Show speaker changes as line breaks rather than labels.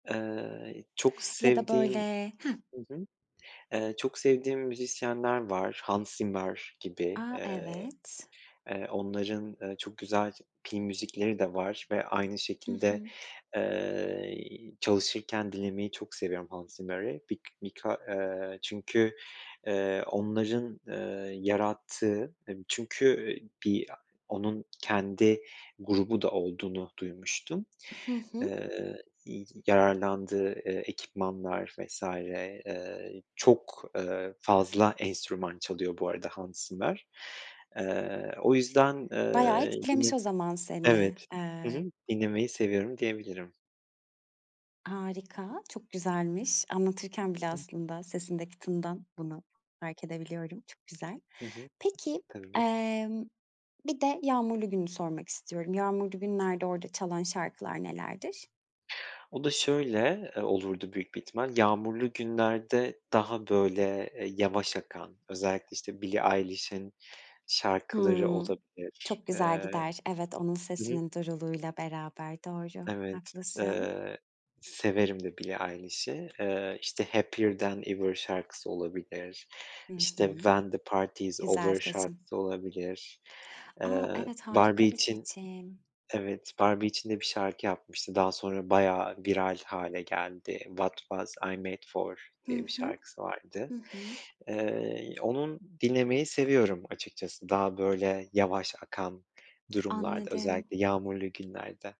Iıı, çok
Ya da
sevdiğim,
böyle. Hah?
hı hı. Eee, çok sevdiğim müzisyenler var, Hans Zimmer gibi,
A!
eee,
Evet.
eee, onların, eee, çok güzel film müzikleri de var ve aynı
Hı
şekilde,
hı.
eee, y çalışırken dinlemeyi çok seviyorum Hans Zimmer'i. Bik bika eee, çünkü, eee, onların, eee, yarattığı, emm, çünkü, eee, bir onun kendi grubu da olduğunu duymuştum.
Hı hı.
Iıı, y yararlandığı, ııı, ekipmanlar vs. ııı, çok, ııı, fazla enstrüman çalıyor bu arada Hans Zimmer. Iıı, o yüzden,
Bayağı
ııı, yine
etkilemiş o zaman seni.
evet, hı
Eee
hı, dinlemeyi seviyorum diyebilirim.
Harika, çok güzelmiş. Anlatırken bile aslında sesindeki tınıdan bunu fark edebiliyorum. Çok güzel.
Hı hı.
Peki,
Tabii.
emm, bir de yağmurlu gününü sormak istiyorum. Yağmurlu günlerde orada çalan şarkılar nelerdir?
O da şöyle, eee, olurdu büyük bir ihtimal. Yağmurlu günlerde daha böyle, eee, yavaş akan özellikle işte Billie Eilish'in şarkıları
Hımm,
olabilir.
çok güzel
Eee,
gider, evet, onun
hı hı.
sesinin duruluğuyla beraber, doğru,
Evet, d
haklısın.
ııı, severim de Billie Eilish'i. Iıı işte Happier Than Ever şarkısı olabilir,
Hı
işte
hı.
When The Party's
Güzel
Over
seçim.
şarkısı olabilir, eee,
A! Evet,
Barbie
harika bir
için
seçim.
evet, Barbie için de bir şarkı yapmıştı daha sonra bayağı viral hâle geldi, What Was I Met For
Hı
diye bir
hı.
şarkısı vardı.
Hı hı.
Eee, onun dinlemeyi seviyorum açıkçası, daha böyle yavaş akan durumlarda
Anladım.
özellikle yağmurlu günlerde.